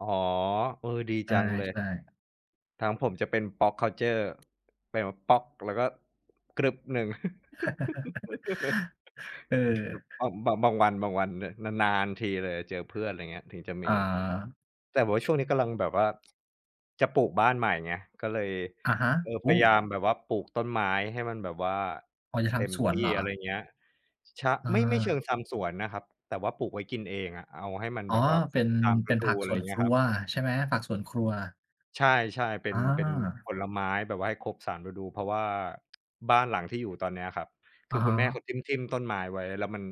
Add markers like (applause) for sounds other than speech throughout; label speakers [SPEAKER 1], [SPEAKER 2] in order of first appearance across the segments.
[SPEAKER 1] อ๋อ เออ ดี
[SPEAKER 2] อ
[SPEAKER 1] จ
[SPEAKER 2] า
[SPEAKER 1] ังเลย
[SPEAKER 2] ใช่
[SPEAKER 1] ทางผมจะเป็น Pop Culture เป็นแบบป๊อก แล้วก็กรึ๊บหนึ่ง
[SPEAKER 2] (laughs)
[SPEAKER 1] (laughs)
[SPEAKER 2] เอ
[SPEAKER 1] ครับ
[SPEAKER 2] อ
[SPEAKER 1] บ บ บางวัน บางวัน น นาน ๆ ทีเลยเจอเพื่อน อะไรอย่างเงี้ย ถึงจะม
[SPEAKER 2] อ
[SPEAKER 1] ี
[SPEAKER 2] า
[SPEAKER 1] แต่แบบว่าช่วงนี้กำลังแบบว่า จะปลูกบ้านใหม่ไง ก็เลย
[SPEAKER 2] อะฮะ
[SPEAKER 1] เออ
[SPEAKER 2] โอ
[SPEAKER 1] พ
[SPEAKER 2] ้
[SPEAKER 1] ยายามแบบว่าปลูกต้นไม้ให้มันแบบว่า
[SPEAKER 2] อ๋อ จะท
[SPEAKER 1] เต็ม
[SPEAKER 2] ำสว
[SPEAKER 1] ท
[SPEAKER 2] น
[SPEAKER 1] ี่
[SPEAKER 2] เหรอ?
[SPEAKER 1] อะไรอย่างเงี้ย ช
[SPEAKER 2] อ
[SPEAKER 1] ไม่ ไม่เช
[SPEAKER 2] า
[SPEAKER 1] ิงทำสวนนะครับ แต่ว่าปลูกไว้กินเองอะ เอาให้มัน
[SPEAKER 2] อ๋
[SPEAKER 1] แ
[SPEAKER 2] อ
[SPEAKER 1] บบว่า
[SPEAKER 2] เป็น
[SPEAKER 1] ตาม
[SPEAKER 2] เป
[SPEAKER 1] ฤ
[SPEAKER 2] ็น
[SPEAKER 1] ด
[SPEAKER 2] ผ
[SPEAKER 1] ู
[SPEAKER 2] ัก
[SPEAKER 1] อะ
[SPEAKER 2] ส
[SPEAKER 1] ไร
[SPEAKER 2] ่
[SPEAKER 1] อ
[SPEAKER 2] ว
[SPEAKER 1] ย
[SPEAKER 2] น
[SPEAKER 1] ่างเงี
[SPEAKER 2] ค
[SPEAKER 1] ้ย
[SPEAKER 2] รั
[SPEAKER 1] ครับ
[SPEAKER 2] วใช่ไหม? ผักสวนครัว
[SPEAKER 1] ใช่ ๆ เป็
[SPEAKER 2] อ
[SPEAKER 1] น
[SPEAKER 2] า
[SPEAKER 1] เป็นผลไม้แบบว่าให้ครบสามฤดู เพราะว่า บ้านหลังที่อยู่ตอนนี้อะครับ
[SPEAKER 2] อ
[SPEAKER 1] คื
[SPEAKER 2] ะ
[SPEAKER 1] อ
[SPEAKER 2] ฮ
[SPEAKER 1] คุณแม่เ
[SPEAKER 2] ะ
[SPEAKER 1] ขาทิ่ม ๆ ต้นไม้ไว้ แล้วมัน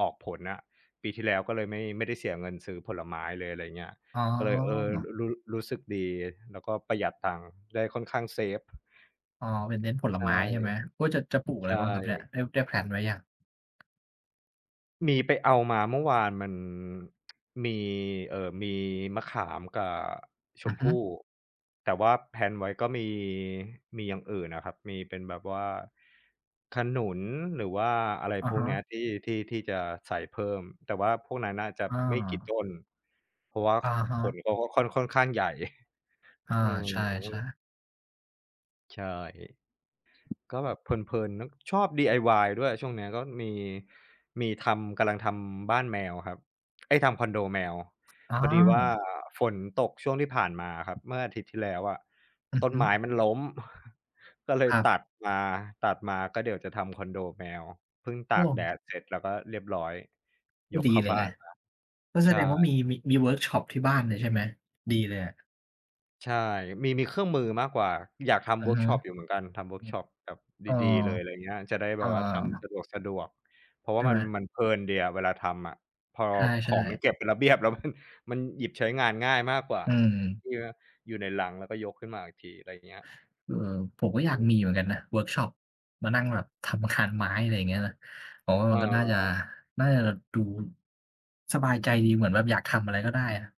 [SPEAKER 1] ออกผลอะ ปีที่แล้วก็เลยไม่ ไม่ได้เสียเงินซื้อผลไม้เลย อะไรอย่างเงี้ย
[SPEAKER 2] อ๋
[SPEAKER 1] ก็เลย เออ ร
[SPEAKER 2] อ
[SPEAKER 1] รู รู้ รู้สึกดี แล้วก็ประหยัดตังได้ ค่อนข้างเซฟ
[SPEAKER 2] อ๋อ เป็นเน้นผล
[SPEAKER 1] ใช
[SPEAKER 2] ไ
[SPEAKER 1] ่
[SPEAKER 2] ม้ใช่ไหม? โอ๊ย จะ จะปลูกอ
[SPEAKER 1] ใ
[SPEAKER 2] ะ
[SPEAKER 1] ช
[SPEAKER 2] ไรบ้างครับเนี่ย?
[SPEAKER 1] ่
[SPEAKER 2] ได้ ได้แพลนไว้หรือยัง?
[SPEAKER 1] มีไปเอามา เมื่อวานมัน มี เอ่อ มีมะขามกับช
[SPEAKER 2] อื
[SPEAKER 1] ม
[SPEAKER 2] อฮ
[SPEAKER 1] พ
[SPEAKER 2] ึ
[SPEAKER 1] ู่ แต่ว่า แพลน ไว้ก็มี มีอย่างอื่นอะครับ มีเป็นแบบว่าขนุน หรือว่าอะไร
[SPEAKER 2] อะ
[SPEAKER 1] พว
[SPEAKER 2] ฮ
[SPEAKER 1] กนี้
[SPEAKER 2] ะ
[SPEAKER 1] ที่ ที่ ที่จะใส่เพิ่ม แต่พวกนั้นน่าจะ
[SPEAKER 2] อ
[SPEAKER 1] ไม่กี่ต
[SPEAKER 2] า
[SPEAKER 1] ้น เพราะว่า
[SPEAKER 2] อะฮ
[SPEAKER 1] ข
[SPEAKER 2] ะ
[SPEAKER 1] นเขาก็ค่อน ค่อนข้างใหญ่
[SPEAKER 2] อา
[SPEAKER 1] อื
[SPEAKER 2] ใช่
[SPEAKER 1] ม
[SPEAKER 2] ๆ
[SPEAKER 1] ใช่ ก็แบบเพลิน ๆ น ชอบ DIY ด้วยช่วงเนี้ย ก็มี มีทำ กำลังทำบ้านแมวครับ เอ๊ย ทำคอนโดแมว
[SPEAKER 2] อ
[SPEAKER 1] พ
[SPEAKER 2] า
[SPEAKER 1] อดีว่าฝนตกช่วงที่ผ่านมาครับ เมื่ออาทิตย์ที่แล้วอะ
[SPEAKER 2] อื
[SPEAKER 1] ต
[SPEAKER 2] อ
[SPEAKER 1] ้
[SPEAKER 2] ฮ
[SPEAKER 1] น
[SPEAKER 2] ึ
[SPEAKER 1] ไม้มันล้ม (chuckles) ก็เลย
[SPEAKER 2] ครับ
[SPEAKER 1] ตัดมา ตัดมาก็เดี๋ยวจะทำคอนโดแมว เพิ่งต
[SPEAKER 2] อ
[SPEAKER 1] าก
[SPEAKER 2] วม
[SPEAKER 1] แดดเสร็จ แล้วก็เรียบร้อย
[SPEAKER 2] ก
[SPEAKER 1] ย
[SPEAKER 2] ็
[SPEAKER 1] ก
[SPEAKER 2] ดี
[SPEAKER 1] เข้า
[SPEAKER 2] เล
[SPEAKER 1] บ
[SPEAKER 2] ย
[SPEAKER 1] ้
[SPEAKER 2] แห
[SPEAKER 1] า
[SPEAKER 2] ละ
[SPEAKER 1] นมา
[SPEAKER 2] ก็แ
[SPEAKER 1] ใ
[SPEAKER 2] ส
[SPEAKER 1] ช
[SPEAKER 2] ดงว่า
[SPEAKER 1] ่
[SPEAKER 2] มี มี มีเวิร์กช็อปที่บ้านเลยใช่ไหม? ดีเลยอะ
[SPEAKER 1] ใช่ มี มีเครื่องมือมากกว่า อยากทำ
[SPEAKER 2] อื
[SPEAKER 1] เว
[SPEAKER 2] อ
[SPEAKER 1] ิร์ก
[SPEAKER 2] ฮึ
[SPEAKER 1] ช็อปอยู่เหมือนกัน ทำเวิร
[SPEAKER 2] อ
[SPEAKER 1] ์ก
[SPEAKER 2] ื
[SPEAKER 1] ช
[SPEAKER 2] อ
[SPEAKER 1] ็อปแบบ
[SPEAKER 2] เออ
[SPEAKER 1] ดี ๆ เลยอะไรอย่างเงี้ย จะได้
[SPEAKER 2] เ
[SPEAKER 1] แ
[SPEAKER 2] อ
[SPEAKER 1] บ
[SPEAKER 2] อ
[SPEAKER 1] บว่าทำสะดวก ๆ เพราะ
[SPEAKER 2] ใ
[SPEAKER 1] ว
[SPEAKER 2] ช
[SPEAKER 1] ่
[SPEAKER 2] ่
[SPEAKER 1] าม
[SPEAKER 2] ไห
[SPEAKER 1] ั
[SPEAKER 2] ม?
[SPEAKER 1] น มันเพลินดีอะเวลาทำอะ พอ
[SPEAKER 2] ใช
[SPEAKER 1] ข
[SPEAKER 2] ่
[SPEAKER 1] องมัน
[SPEAKER 2] ๆ
[SPEAKER 1] เก็บเป็นระเบียบแล้ว มัน มันหยิบใช้งานง่ายมากกว่า
[SPEAKER 2] อืม
[SPEAKER 1] ที่ว่าอยู่ในลัง แล้วก็ยกขึ้นมาอีกที อะไรอย่างเงี้ย อ
[SPEAKER 2] อือ ผมก
[SPEAKER 1] ื
[SPEAKER 2] ็อยาก
[SPEAKER 1] ม
[SPEAKER 2] มีเหมือนกันนะเวิร์กช็อป มานั่งแบบทำคานไม้ อะไรอย่างเงี้ยนะ ผมว่าม
[SPEAKER 1] อ
[SPEAKER 2] ันก็น่าจะ
[SPEAKER 1] ๋อ
[SPEAKER 2] น่าจะดู สบายใจดี เหมือนแบบอยากทำอะไรก็ได้อะ